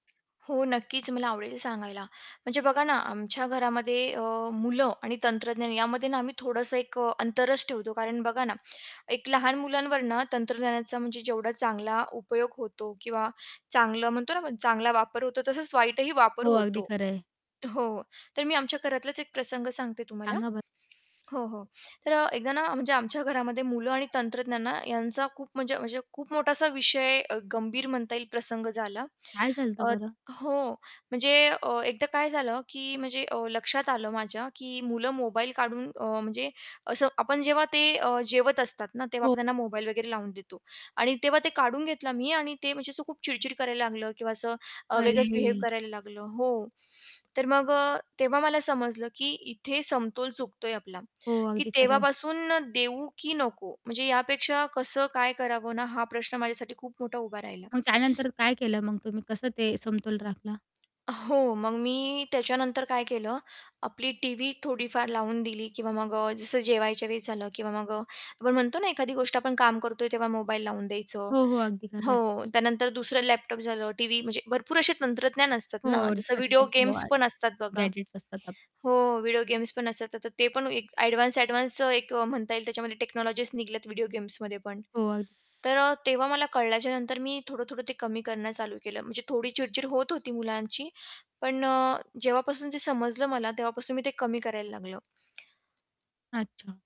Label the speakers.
Speaker 1: हो नक्कीच मला आवडेल सांगायला. म्हणजे बघा ना, आमच्या घरामध्ये अ, मुलं आणि तंत्रज्ञान यामध्ये ना, आम्ही थोडंसं एक अ, अंतरच ठेवतो. कारण बघा ना, लहान मुलांवर ना तंत्रज्ञानाचा म्हणजे जेवढा चांगला उपयोग होतो किंवा चांगलं म्हणतो ना आपण, चांगला वापर होतो तसंच वाईटही वापर
Speaker 2: हो अगदी
Speaker 1: होतो.
Speaker 2: खरंय.
Speaker 1: हो, तर मी आमच्या घरातलाच एक प्रसंग सांगते तुम्हाला
Speaker 2: सांगा बर
Speaker 1: हो, हो. तर एकदा ना, म्हणजे आमच्या घरामध्ये मुलं आणि तंत्रज्ञान यांचा खूप म्हणजे म्हणजे खूप मोठासा विषय, गंभीर म्हणता येईल प्रसंग झाला.
Speaker 2: काय चालतं
Speaker 1: अ,
Speaker 2: बरं?
Speaker 1: हो, म्हणजे एकदा काय झालं की, म्हणजे अ, लक्षात आलं माझ्या की मुलं मोबाईल काढून अ, म्हणजे असं आपण जेव्हा ते अ, जेवत असतात ना, तेव्हा
Speaker 2: हो.
Speaker 1: आपण त्यांना मोबाईल वगैरे लावून देतो आणि तेव्हा ते काढून घेतलं मी आणि ते म्हणजे असं खूप चिडचिड करायला लागलं किंवा असं वेगळंच बिहेव
Speaker 2: अरे!
Speaker 1: करायला लागलं हो, तर मग अ, तेव्हा मला समजलं की इथे समतोल चुकतोय आपला,
Speaker 2: हो,
Speaker 1: की
Speaker 2: अगदी खरं आहे.
Speaker 1: तेव्हापासून देऊ की नको, म्हणजे यापेक्षा कसं काय करावं ना, हा प्रश्न माझ्यासाठी खूप मोठा उभा राहिला.
Speaker 2: मग त्यानंतर काय केलं, मग तुम्ही कसं ते समतोल राखला?
Speaker 1: हो, मग मी त्याच्यानंतर काय केलं, आपली टीव्ही थोडीफार लावून दिली किंवा मग अ, जसं जेवायच्या वेळेस झालं किंवा मग अ, आपण म्हणतो ना, एखादी गोष्ट आपण काम करतोय तेव्हा मोबाईल लावून द्यायचं.
Speaker 2: हो, हो. अगदी खरं आहे.
Speaker 1: हो, त्यानंतर दुसरं लॅपटॉप झालं, टीव्ही म्हणजे भरपूर असे तंत्रज्ञान असतात ना,
Speaker 2: हो
Speaker 1: जसं व्हिडिओ गेम्स
Speaker 2: [unintelligible]
Speaker 1: पण असतात बघा.
Speaker 2: गॅजेट्स असतात आप
Speaker 1: हो, व्हिडिओ गेम्स पण असतात, तर ते पण एक एडवान्स-एडवान्स अ, म्हणता येईल त्याच्यामध्ये टेक्नॉलॉजीस निघल्यात व्हिडिओ गेम्समध्ये पण.
Speaker 2: हो, अग
Speaker 1: तर अ, तेव्हा मला कळल्याच्यानंतर मी थोडं-थोडं ते कमी करणं चालू केलं म्हणजे थोडी चिडचिड होत होती मुलांची पण अ, जेव्हापासून ते समजलं मला तेव्हापासून मी ते कमी करायला लागलो.
Speaker 2: अच्छा.